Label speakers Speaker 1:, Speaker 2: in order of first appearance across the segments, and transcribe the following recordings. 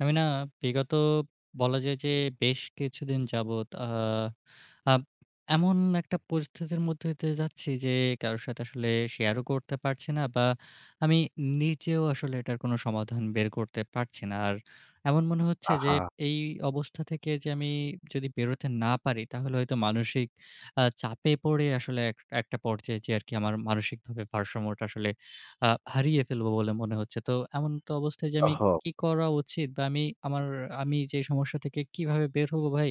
Speaker 1: আমি না বিগত বলা যায় যে, বেশ কিছুদিন যাবৎ আ আপ এমন একটা পরিস্থিতির মধ্যে দিয়ে যাচ্ছি যে, কারো সাথে আসলে শেয়ারও করতে পারছি না। বা আমি নিজেও আসলে এটার কোন সমাধান বের করতে পারছি না। আর এমন মনে হচ্ছে যে,
Speaker 2: আহা!
Speaker 1: এই অবস্থা থেকে যে আমি যদি বেরোতে না পারি, তাহলে হয়তো মানসিক আ চাপে পড়ে আসলে এক একটা পর্যায়ে যেয়ে আরকি আমার মানসিকভাবে ভারসাম্যটা আসলে আ হারিয়ে ফেলবো বলে মনে হচ্ছে। তো এমন্ত অবস্থায় যে আমি
Speaker 2: ওহো!
Speaker 1: কি করা উচিত বা আমি আমা আমি যে সমস্যা থেকে কিভাবে বের হবো ভাই?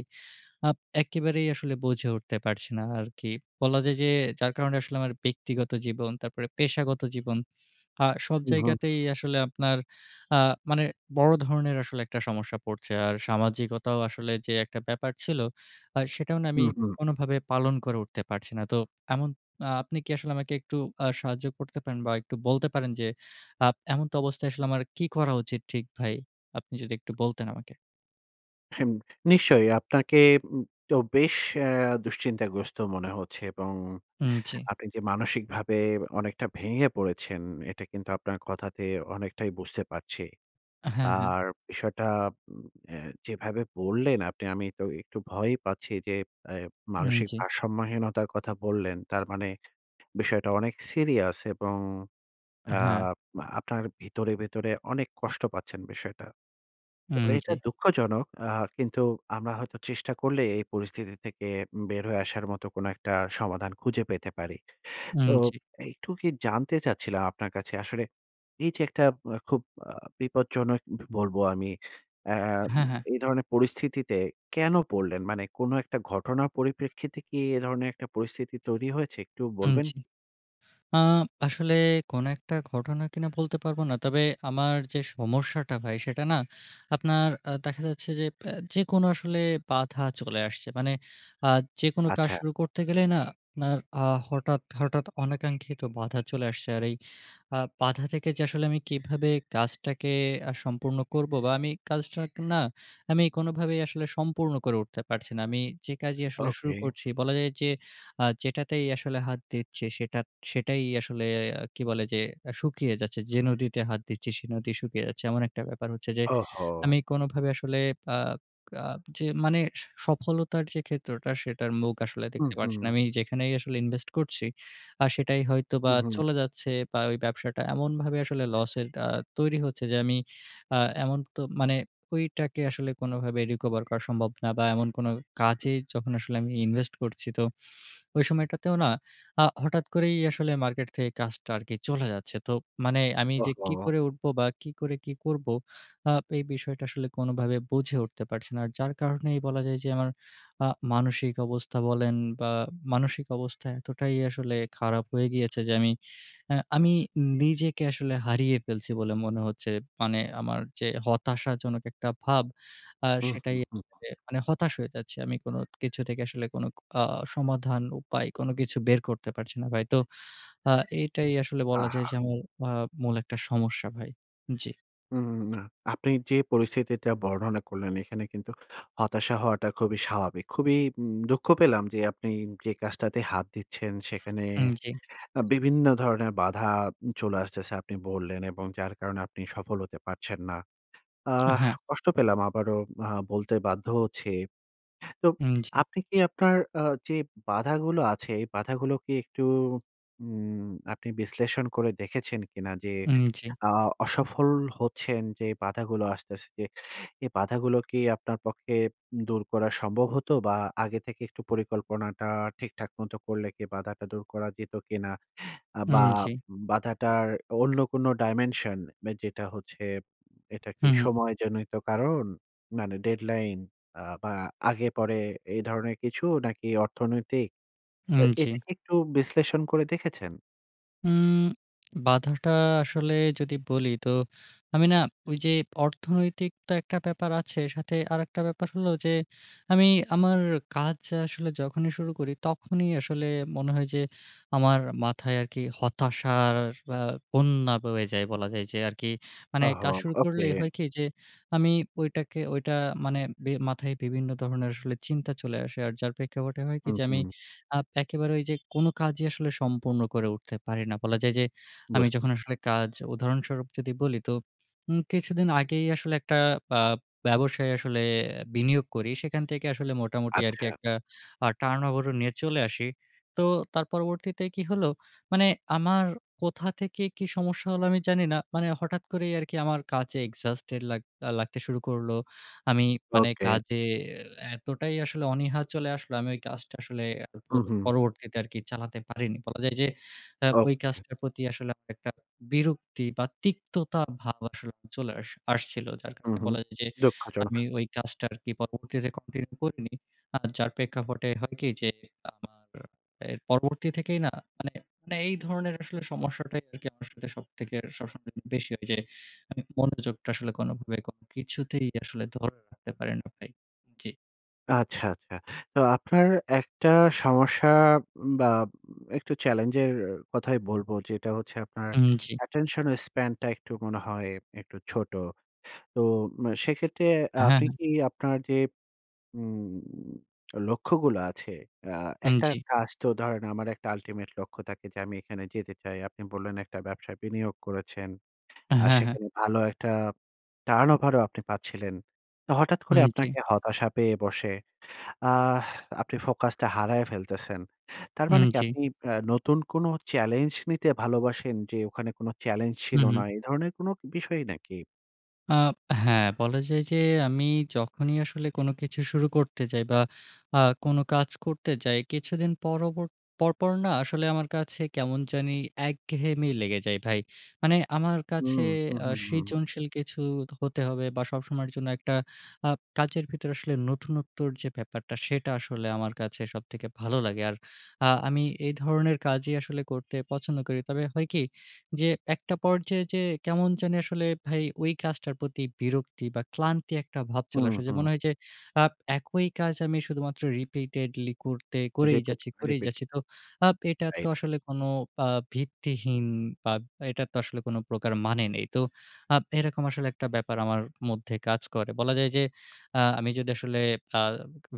Speaker 1: আপ একেবারেই আসলে বুঝে উঠতে পারছি না আরকি। বলা যায় যে যার কারণে আসলে আমার ব্যক্তিগত জীবন, তারপরে পেশাগত জীবন আ সব
Speaker 2: হু, হু।
Speaker 1: জায়গাতেই আসলে আপনার আ মানে বড় ধরনের আসলে একটা সমস্যা পড়ছে। আর সামাজিকতাও আসলে যে একটা ব্যাপার ছিল আ সেটাও না
Speaker 2: হু,
Speaker 1: আমি
Speaker 2: হু।
Speaker 1: কোনভাবে পালন করে উঠতে পারছি না। তো এমন আ আপনি কি আসলে আমাকে একটু আ সাহায্য করতে পারেন বা একটু বলতে পারেন, যে আ এমনত অবস্থায় আসলে আমার কি করা উচিত ঠিক ভাই? আপনি যদি একটু বলতেন আমাকে।
Speaker 2: হুম। নিশ্চয়ই। আপনাকে উম তো বেশ এ দুশ্চিন্তাগ্রস্ত মনে হচ্ছে এবং
Speaker 1: হুম, জি।
Speaker 2: আপনি যে মানসিকভাবে অনেকটা ভেঙে পড়েছেন, এটা কিন্তু আপনার কথাতে অনেকটাই বুঝতে পারছি।
Speaker 1: হ্যাঁ, হ্যাঁ।
Speaker 2: আর, বিষয়টা উম এ যেভাবে বললেন আপনি, আমি তো একটু ভয়ই পাচ্ছি যে, এ
Speaker 1: হুম,
Speaker 2: মানসিক
Speaker 1: জি।
Speaker 2: ভারসাম্যহীনতার কথা বললেন। তার মানে, বিষয়টা অনেক সিরিয়াস এবং আ
Speaker 1: হ্যাঁ।
Speaker 2: আপনার ভিতরে, ভিতরে অনেক কষ্ট পাচ্ছেন বিষয়টা। তো,
Speaker 1: হুম, জি।
Speaker 2: এটা দুঃখজনক। আ কিন্তু আমরা হয়তো চেষ্টা করলেই এই পরিস্থিতি থেকে উম বের হয়ে আসার মত কোন একটা সমাধান খুঁজে পেতে পারি।
Speaker 1: হুম,
Speaker 2: তো,
Speaker 1: জি।
Speaker 2: একটু কি জানতে চাচ্ছিলাম আপনার কাছে আসলে, এই যে একটা আ খুব আ বিপজ্জনক ব বলব আমি, আম
Speaker 1: হ্যাঁ, হ্যাঁ।
Speaker 2: এই ধরনের পরিস্থিতিতে কেন পড়লেন, মানে, কোন একটা ঘটনার পরিপ্রেক্ষিতে কি, এ ধরনের একটা পরিস্থিতি তৈরি হয়েছে, একটু
Speaker 1: হুম,
Speaker 2: বলবেন কি?
Speaker 1: জি। আ আসলে কোন একটা ঘটনা কি না, বলতে পারব না। তবে, আমার যে সমস্যাটা ভাই, সেটা না, আপনার আ দেখা যাচ্ছে যে, অ্যা যেকোনো আসলে বাধা চলে আসছে। মানে আ যেকোনো কাজ
Speaker 2: আচ্ছা।
Speaker 1: শুরু করতে গেলেই না, আপনার আ হঠাৎ, হঠাৎ অনাকাঙ্খিত বাধা চলে আসছে। আর এই আ বাধা থেকে যে আসলে, আমি কিভাবে কাজটাকে আ সম্পূর্ণ করবো, বা আমি কাজটা অনেকটা না, আমি কোনভাবেই আসলে সম্পূর্ণ করে উঠতে পারছি না। আমি যে কাজই আসলে শুরু
Speaker 2: ওকে।
Speaker 1: করছি, বলা যায় যে, আ যেটাতেই আসলে হাত দিচ্ছি, সেটা সেটাই আসলে কি বলে যে, এ শুকিয়ে যাচ্ছে। যে নদীতে হাত দিচ্ছি, সে নদী শুকিয়ে যাচ্ছে। এমন একটা ব্যাপার হচ্ছে যে,
Speaker 2: ওহ, হো।
Speaker 1: আমি কোনভাবে আসলে আ আ যে মানে স সফলতার যে ক্ষেত্রটা, সেটার মুখ আসলে
Speaker 2: হু,
Speaker 1: দেখতে পারছি না।
Speaker 2: হু।
Speaker 1: আমি যেখানেই আসলে ইনভেস্ট করছি, আ সেটাই হয়তো
Speaker 2: হু,
Speaker 1: বা
Speaker 2: হু।
Speaker 1: চলে যাচ্ছে, বা ঐ ব্যবসাটা এমনভাবে আসলে লসের আ তৈরি হচ্ছে যে আমি আ এমন তো মানে, ঐটাকে আসলে কোনভাবে রিকভার করা সম্ভব না, বা এমন কোনো কাজে যখন আসলে আমি ইনভেস্ট করছি তো, ঐ সময়টাতেও না, আ হঠাৎ করেই আসলে মার্কেট থেকে কাজটা আর কি চলে যাচ্ছে। তো মানে আমি যে কি
Speaker 2: ওহো।
Speaker 1: করে উঠবো, বা কি করে, কি করবো, আ এই বিষয়টা আসলে কোনভাবে বুঝে উঠতে পারছি না। যার কারণেই বলা যায় যে, আমার আ মানসিক অবস্থা বলেন, বা মানসিক অবস্থা এতটাই আসলে খারাপ হয়ে গিয়েছে যে, আমি, আ আমি নিজেকে আসলে হারিয়ে ফেলছি, বলে মনে হচ্ছে। মানে, আমার যে হতাশাজনক একটা ভাব, আ
Speaker 2: হু, হু,
Speaker 1: সেটাই
Speaker 2: হু, হু।
Speaker 1: [unintelligible] মানে হতাশ হয়ে যাচ্ছি আমি। কোন কিছু থেকে আসলে কোন আ সমাধান, উপায়, কোন কিছু বের করতে পারছি না। ভাই, তো আ এটাই আসলে বলা যায়
Speaker 2: আহা।
Speaker 1: যে, আমার আ মূল একটা সমস্যা, ভাই। জি।
Speaker 2: হুম, না। আপনি যে পরিস্থিতিটা বর্ণনা করলেন, এখানে কিন্তু হতাশা হওয়াটা খুবই স্বাভাবিক। খুবই উম দুঃখ পেলাম যে, আপনি যে কাজটাতে হাত দিচ্ছেন সেখানে
Speaker 1: হুম, জি।
Speaker 2: আ বিভিন্ন ধরনের বাধা উম চলে আসতেছে। আপনি বললেন এবং যার কারণে আপনি সফল হতে পারছেন না। আহ,
Speaker 1: হ্যাঁ।
Speaker 2: কষ্ট পেলাম আবারও আ বলতে বাধ্য হচ্ছি। তো,
Speaker 1: হুম, জি।
Speaker 2: আপনি কি আপনার আ যে বাধাগুলো আছে, এই বাধাগুলো কি একটু উম আপনি বিশ্লেষণ করে দেখেছেন কিনা যে
Speaker 1: হুম, জি।
Speaker 2: অ অসফল হচ্ছেন, যে বাধাগুলো আসতেছে, এই বাধাগুলো কি আপনার পক্ষে দূর করা সম্ভব হতো, বা আগে থেকে একটু পরিকল্পনাটা ঠিকঠাক মতো করলে কি বাধাটা দূর করা যেত কিনা? আ বা
Speaker 1: হুম, জি।
Speaker 2: বাধাটার অন্য কোনো dimension বা যেটা হচ্ছে, এটা কি
Speaker 1: হুম, হুম।
Speaker 2: সময়জনিত কারণ? মানে deadline আ বা আগে পরে। এ ধরনের কিছু, নাকি অর্থনৈতিক? এ
Speaker 1: হুম, জি।
Speaker 2: এটা কি একটু বিশ্লেষণ করে দেখেছেন?
Speaker 1: উম বাধাটা আসলে যদি বলি তো, আমি না ঐ যে, অর্থনৈতিক তো একটা ব্যাপার আছে, সাথে আরেকটা ব্যাপার হলো যে, আমি আমার কাজ আসলে যখনই শুরু করি, তখনই আসলে মনে হয় যে, আমার মাথায় আরকি হতাশার আ বন্যা বয়ে যায়। বলা যায় যে, আরকি মানে
Speaker 2: ওহো,
Speaker 1: কাজ শুরু করলে
Speaker 2: ওকে।
Speaker 1: হয় কি যে, আমি ঐটাকে ঐটা মানে বি মাথায় বিভিন্ন ধরণের আসলে চিন্তা চলে আসে। আর যার প্রেক্ষাপটে হয় কি,
Speaker 2: হুম,
Speaker 1: যে আমি
Speaker 2: হুম।
Speaker 1: আ একেবারে ঐ যে কোন কাজই আসলে সম্পূর্ণ করে উঠতে পারি না। বলা যায় যে, আমি
Speaker 2: বুঝ
Speaker 1: যখন আসলে কাজ, উদাহরণস্বরূপ যদি বলি তো, উম কিছুদিন আগেই আসলে একটা আ ব্যবসায় আসলে বিনিয়োগ করি। সেখান থেকে আসলে মোটামুটি আরকি
Speaker 2: আচ্ছা।
Speaker 1: একটা আ turnover ও নিয়ে চলে আসি। তো তার পরবর্তীতে কি হলো? মানে আমার কোথা থেকে কি সমস্যা হলো আমি জানি না, মানে হঠাৎ করেই আরকি আমার কাজে exhausted লাগ লাগতে শুরু করলো। আমি মানে
Speaker 2: ওকে।
Speaker 1: কাজে এ এতটাই আসলে অনীহা চলে আসলো, আমি ঐ কাজটা আসলে পর
Speaker 2: হুম, হুম।
Speaker 1: পরবর্তীতে আরকি চালাতে পারিনি। বলা যায় যে, আ ঐ
Speaker 2: ওকে।
Speaker 1: কাজটার প্রতি আসলে আমার একটা বিরক্তি বা তিক্ততা ভাব আসলে চলে আস আসছিল। যার
Speaker 2: হুম,
Speaker 1: কারণে
Speaker 2: হুম।
Speaker 1: বলা যায় যে,
Speaker 2: দুঃখজনক।
Speaker 1: আমি ওই কাজটা আরকি পরবর্তীতে continue করিনি। আ যার প্রেক্ষাপটে হয় কি যে, আমার এর পরবর্তী থেকেই না মানে, মানে এই ধরনের আসলে সমস্যাটাই আরকি আমার সাথে সবথেকে সবসময় বেশি হয় যে, মানে মনোযোগটা আসলে কোনোভাবে কোনো কিছুতেই আসলে ধরে রাখতে পারি না ভাই। জি।
Speaker 2: আচ্ছা, আচ্ছা। তো আপনার একটা সমস্যা বা একটু challenge এর কথাই বলবো যেটা হচ্ছে আপনার
Speaker 1: উম জ্বি।
Speaker 2: attention span টা একটু মনে হয় একটু ছোট। তো ম সেক্ষেত্রে আ
Speaker 1: হ্যাঁ,
Speaker 2: আপনি
Speaker 1: হ্যাঁ।
Speaker 2: কি আপনার যে উম লক্ষ্যগুলো আছে, আ
Speaker 1: উম
Speaker 2: একটা
Speaker 1: জ্বী।
Speaker 2: কাজ তো ধরেন, আমার একটা ultimate লক্ষ্য থাকে যে আমি এখানে যেতে চাই। আপনি বললেন একটা ব্যবসায় বিনিয়োগ করেছেন। আর
Speaker 1: হ্যাঁ, হ্যাঁ।
Speaker 2: সেখানে ভালো একটা turnover ও আপনি পাচ্ছিলেন। তো হঠাৎ করে
Speaker 1: উম জী।
Speaker 2: আপনাকে হতাশা পেয়ে বসে। আহ আপনি focus টা হারায় ফেলতেছেন। তার মানে
Speaker 1: উম
Speaker 2: কি
Speaker 1: জী।
Speaker 2: আপনি আ নতুন কোনো challenge নিতে ভালোবাসেন যে ওখানে কোনো challenge ছিল
Speaker 1: হুম,
Speaker 2: না।
Speaker 1: হুম।
Speaker 2: এ ধরনের কোনো বিষয়ই নাকি?
Speaker 1: আ হ্যাঁ, বলা যায় যে আমি যখনই আসলে কোনো কিছু শুরু করতে যাই বা আ কোনো কাজ করতে যাই, কিছুদিন পরবর পরপর না আসলে আমার কাছে কেমন জানি একঘেয়েমেই লেগে যায় ভাই। মানে আমার
Speaker 2: উম
Speaker 1: কাছে
Speaker 2: হুম,
Speaker 1: আ
Speaker 2: হুম, হুম, হুম।
Speaker 1: সৃজনশীল কিছু হতে হবে বা সবসময়ের জন্য একটা আ কাজের ভিতরে আসলে নতুনত্বর যে ব্যাপারটা সেটা আসলে আমার কাছে সবথেকে ভালো লাগে আর আ আমি এই ধরনের কাজই আসলে করতে পছন্দ করি। তবে হয় কি যে একটা পর্যায়ে যেয়ে কেমন জানি আসলে ভাই ঐ কাজটার প্রতি বিরক্তি বা ক্লান্তি একটা ভাব চলে
Speaker 2: হুম,
Speaker 1: আসে। যে
Speaker 2: হুম।
Speaker 1: মনে হয় যে আ একই কাজ আমি শুধুমাত্র repeatedly করতে করেই
Speaker 2: Repeat,
Speaker 1: যাচ্ছি করেই
Speaker 2: repeat.
Speaker 1: যাচ্ছি। তো আপ এটা তো
Speaker 2: রাইট।
Speaker 1: আসলে কোনো আ ভিত্তিহীন বা এটার তো আসলে কোনো প্রকার মানে নেই। তো আ এরকম আসলে একটা ব্যাপার আমার মধ্যে কাজ করে। বলা যায় যে আ আমি যদি আসলে আ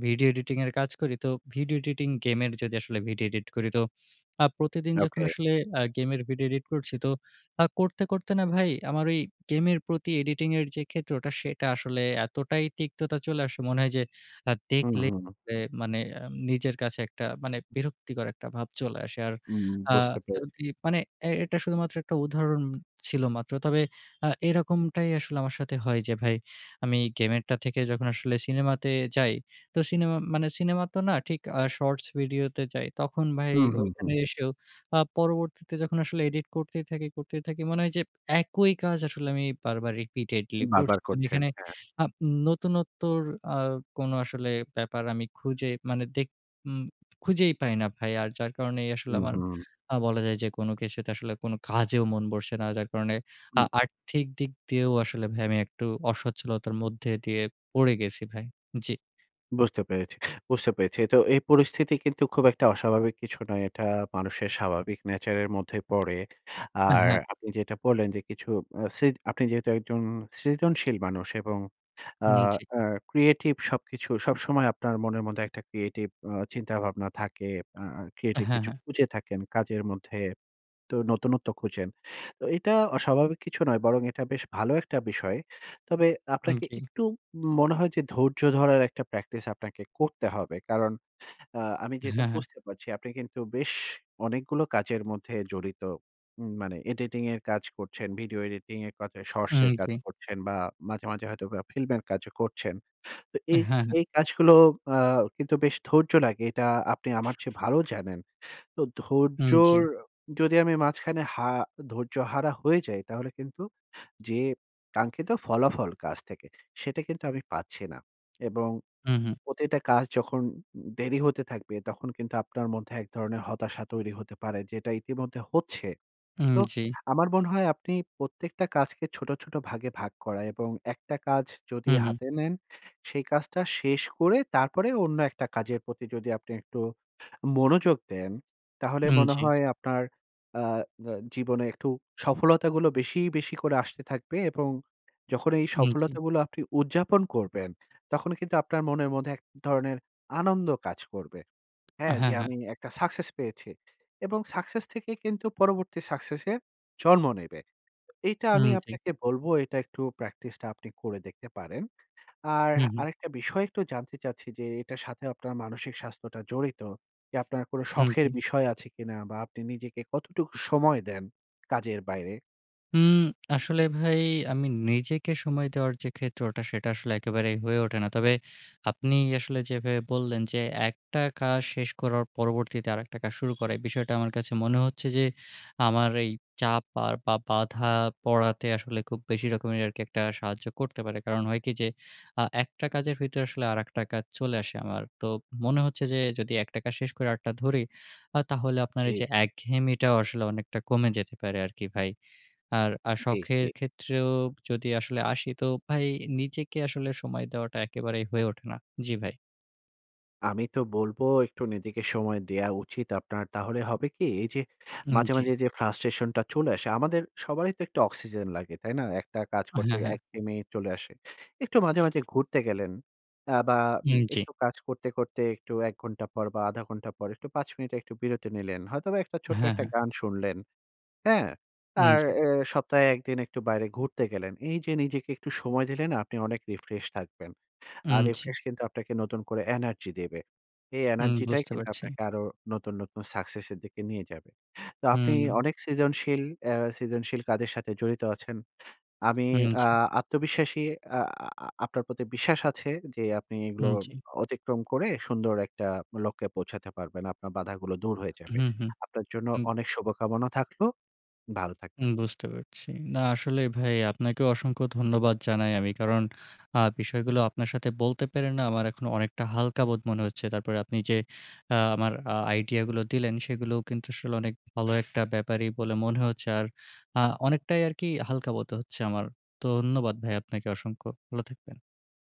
Speaker 1: video editing এর কাজ করি তো, video editing game এর যদি আসলে video edit করি, তো আ প্রতিদিন যখন
Speaker 2: ওকে।
Speaker 1: আসলে আ গেমের video edit করছি তো আ করতে করতে না ভাই আমার ওই গেমের প্রতি editing এর যে ক্ষেত্রটা সেটা আসলে এতটাই তিক্ততা চলে আসে মনে হয় যে আ
Speaker 2: হুম,
Speaker 1: দেখলে
Speaker 2: হুম।
Speaker 1: পরে মানে আম নিজের কাছে একটা মানে বিরক্তিকর একটা ভাব চলে আসে। আর
Speaker 2: উম
Speaker 1: আ
Speaker 2: বুঝতে পেরেছি।
Speaker 1: যদি মানে এ এটা শুধুমাত্র একটা উদাহরণ ছিল মাত্র। তবে আ এরকমটাই আসলে আমার সাথে হয় যে ভাই আমি game এর টা থেকে যখন আসলে সিনেমাতে যাই, তো সিনেমা মানে সিনেমা তো না ঠিক আ shorts video তে যাই, তখন ভাই
Speaker 2: হুম, হুম,
Speaker 1: ঐখানে
Speaker 2: হুম।
Speaker 1: এসেও আ পরবর্তীতে যখন আসলে edit করতেই থাকি করতেই থাকি, মনে হয় যে একই কাজ আসলে আমি বারবার repeatedly
Speaker 2: বার
Speaker 1: করছি।
Speaker 2: বার
Speaker 1: মানে
Speaker 2: করছেন।
Speaker 1: এখানে
Speaker 2: হ্যাঁ।
Speaker 1: আপ নতুনত্বর আ কোনো আসলে ব্যাপার আমি খুঁজে মানে দেখ ম খুঁজেই পাই না ভাই। আর যার কারণেই আসলে
Speaker 2: হুম,
Speaker 1: আমার
Speaker 2: হুম।
Speaker 1: আ বলা যায় যে কোনো কিছুতে আসলে কোনো কাজেও মন বসছে না। যার কারণে আ
Speaker 2: হুম।
Speaker 1: আর্থিক দিক দিয়েও আসলে ভাই আমি একটু অস্বচ্ছলতার মধ্যে দিয়ে পড়ে গেছি ভাই। জ্বি।
Speaker 2: বুঝতে পেরেছি, বুঝতে পেরেছি। তো এই পরিস্থিতি কিন্তু খুব একটা অস্বাভাবিক কিছু নয়। এটা মানুষের স্বাভাবিক nature এর মধ্যেই পড়ে।
Speaker 1: আ
Speaker 2: আর
Speaker 1: হ্যাঁ।
Speaker 2: আপনি যেটা বললেন যে কিছু আ সৃ আপনি যেহেতু একজন সৃজনশীল মানুষ এবং আ
Speaker 1: হুম, জি।
Speaker 2: আ creative সবকিছু সবসময় আপনার মনের মধ্যে একটা creative উম চিন্তাভাবনা থাকে। আ আ
Speaker 1: হ্যাঁ,
Speaker 2: creative কিছু
Speaker 1: হ্যাঁ।
Speaker 2: খুঁজে থাকেন কাজের মধ্যে তো নতুনত্ব খুঁজেন। তো এইটা অস্বাভাবিক কিছু নয়। বরং এটা বেশ ভালো একটা বিষয়। তবে
Speaker 1: হুম,
Speaker 2: আপনাকে
Speaker 1: জি।
Speaker 2: একটু ম মনে হয় যে ধৈর্য ধরার একটা practice আপনাকে করতে হবে। কারণ আ আমি যেটা
Speaker 1: হ্যাঁ, হ্যাঁ।
Speaker 2: বুঝতে পারছি আপনি কিন্তু বেশ অনেকগুলো কাজের মধ্যে জড়িত, ম মানে editing এর কাজ করছেন, ভিডিও এডিটিং এর কা shorts
Speaker 1: উম
Speaker 2: এর কাজ
Speaker 1: জ্বি।
Speaker 2: করছেন বা মাঝে, মাঝে হয়তো film এর কাজও করছেন। তো
Speaker 1: হ্যাঁ,
Speaker 2: এই,
Speaker 1: হ্যাঁ
Speaker 2: এই কাজগুলো আ কিন্তু বেশ ধৈর্য লাগে। এটা আপনি আমার চেয়ে ভালো জানেন। তো
Speaker 1: উম জ্বী।
Speaker 2: ধৈর্যর যদি আমি মাঝখানে হা ধৈর্যহারা হয়ে যাই, তাহলে কিন্তু যে কাঙ্ক্ষিত ফলাফল কাজ থেকে, সেটা কিন্তু আমি পাচ্ছি না। এবং
Speaker 1: হুম, হুম।
Speaker 2: প্রতিটা কাজ যখন দেরি হতে থাকবে, তখন কিন্তু আপনার মধ্যে এক ধরনের হতাশা তৈরি হতে পারে। যেটা ইতিমধ্যে হচ্ছে।
Speaker 1: উম,
Speaker 2: তো
Speaker 1: জ্বী।
Speaker 2: আমার মনে হয় আপনি প্রত্যেকটা কাজকে ছোট, ছোট ভাগে ভাগ করা এবং একটা কাজ যদি
Speaker 1: হুম, হুম।
Speaker 2: হাতে নেন, সেই কাজটা শেষ করে তারপরে অন্য একটা কাজের প্রতি যদি আপনি একটু মনোযোগ দেন, তাহলে
Speaker 1: উম
Speaker 2: মনে
Speaker 1: জ্বী।
Speaker 2: হয় আপনার, আ আ জীবনে একটু সফলতাগুলো বেশি, বেশি করে আসতে থাকবে। এবং যখন এই
Speaker 1: হুম, জি।
Speaker 2: সফলতা গুলো আপনি উদযাপন করবেন, তখন কিন্তু আপনার মনের মধ্যে এক ধরনের আনন্দ কাজ করবে। হ্যাঁ, যে
Speaker 1: হ্যাঁ, হ্যাঁ।
Speaker 2: আমি একটা success পেয়েছি। এবং success থেকে কিন্তু পরবর্তী success এর জন্ম নেবে। এইটা আমি
Speaker 1: হুম, জ্বি।
Speaker 2: আপনাকে বলবো এটা একটু practice টা আপনি করে দেখতে পারেন। আর
Speaker 1: হুম, হুম।
Speaker 2: আরেকটা বিষয় একটু জানতে চাচ্ছি যে এটার সাথে আপনার মানসিক স্বাস্থ্যটা জড়িত। যে আপনার কোনো
Speaker 1: হুম,
Speaker 2: শখের
Speaker 1: জ্বি।
Speaker 2: বিষয় আছে কিনা বা আপনি নিজেকে কতটুকু সময় দেন কাজের বাইরে?
Speaker 1: উম আসলে ভাই আমি নিজেকে সময় দেওয়ার যে ক্ষেত্রটা সেটা আসলে একেবারেই হয়ে ওঠে না। তবে আপনি আসলে যেভাবে বললেন যে, একটা কা শেষ করার পরবর্তীতে আরেকটা কাজ শুরু করা এই বিষয়টা আমার কাছে মনে হচ্ছে যে আমার এই চাপ আর বা বাঁধা পড়াতে আসলে খুব বেশি রকমের আরকি একটা সাহায্য করতে পারে। কারণ হয় কি যে, আ একটা কাজের ভিতরে আসলে আরেকটা কাজ চলে আসে আমার, তো মনে হচ্ছে যে যদি একটা কাজ শেষ করে আরেকটা ধরি আ তাহলে আপনার
Speaker 2: জ্বি।
Speaker 1: এইযে একঘেয়েমিটাও আসলে অনেকটা কমে যেতে পারে আরকি ভাই। আর আ
Speaker 2: জ্বি,
Speaker 1: শখের
Speaker 2: জ্বি।
Speaker 1: ক্ষেত্রেও যদি আসলে আসি তো ভাই নিজেকে আসলে সময় দেওয়াটা একেবারেই হয়ে ওঠে না। জ্বি ভাই।
Speaker 2: আমি তো বলবো একটু নিজেকে সময় দেয়া উচিত। আপনার তাহলে হবে কি? এইযে
Speaker 1: হুম,
Speaker 2: মাঝে,
Speaker 1: জ্বি।
Speaker 2: মাঝে যে ফ্রাস্ট্রেশন টা চলে আসে, আমাদের সবারই তো একটু অক্সিজেন লাগে, তাই না? একটা কাজ করতে
Speaker 1: হ্যাঁ, হ্যাঁ।
Speaker 2: একঘেয়েমি চলে আসে। একটু মাঝে, মাঝে ঘুরতে গেলেন অ্যা বা উম
Speaker 1: হুম, জ্বি।
Speaker 2: একটু কাজ করতে, করতে একটু ১ ঘন্টা পর বা ১/২ ঘন্টা পর একটু ৫ এর মিনিট একটু বিরতি নিলেন। হয়তোবা একটা ছোট্ট
Speaker 1: হ্যাঁ,
Speaker 2: একটা
Speaker 1: হ্যাঁ।
Speaker 2: গান শুনলেন, হ্যাঁ?
Speaker 1: উম
Speaker 2: আর
Speaker 1: জ্বি।
Speaker 2: এ সপ্তাহে ১ দিন একটু বাইরে ঘুরতে গেলেন। এইযে নিজেকে একটু সময় দিলেনা আপনি অনেক রিফ্রেশ থাকবেন। আর
Speaker 1: উম জ্বি।
Speaker 2: রিফ্রেশ কিন্তু আপনাকে নতুন করে এনার্জি দেবে। এই
Speaker 1: উম
Speaker 2: এনার্জি টাই
Speaker 1: বুঝতে
Speaker 2: কিন্তু
Speaker 1: পারছি।
Speaker 2: আপনাকে আরো নতুন, নতুন সাকসেস এর দিকে নিয়ে যাবে। তো আপনি
Speaker 1: হুম।
Speaker 2: অনেক সৃজনশীল এ সৃজনশীল কাজের সাথে জড়িত আছেন। আমি
Speaker 1: হুম,
Speaker 2: আ
Speaker 1: জ্বি।
Speaker 2: আত্মবিশ্বাসী আ আ আপনার প্রতি বিশ্বাস আছে যে, আপনি এগুলো
Speaker 1: হুম, জ্বি।
Speaker 2: অতিক্রম করে সুন্দর একটা লক্ষ্যে পৌঁছাতে পারবেন। আপনার বাধাগুলো দূর হয়ে যাবে।
Speaker 1: হুম, হুম।
Speaker 2: আপনার জন্য
Speaker 1: হুম।
Speaker 2: অনেক শুভকামনা থাকলো। ভালো
Speaker 1: হুম
Speaker 2: থাকবেন।
Speaker 1: বুঝতে পারছি। না আসলে ভাই আপনাকেও অসংখ্য ধন্যবাদ জানাই আমি। কারণ আ বিষয়গুলো আপনার সাথে বলতে পেরে না আমার এখন অনেকটা হালকা বোধ মনে হচ্ছে। তারপরে আপনি যে আ আমার আইডিয়া গুলো দিলেন সেগুলোও কিন্তু আসলে অনেক ভালো একটা ব্যাপারই বলে মনে হচ্ছে। আর আ অনেকটাই আরকি হালকা বোধ হচ্ছে আমার। ধন্যবাদ ভাই আপনাকে অসংখ্য। ভালো থাকবেন।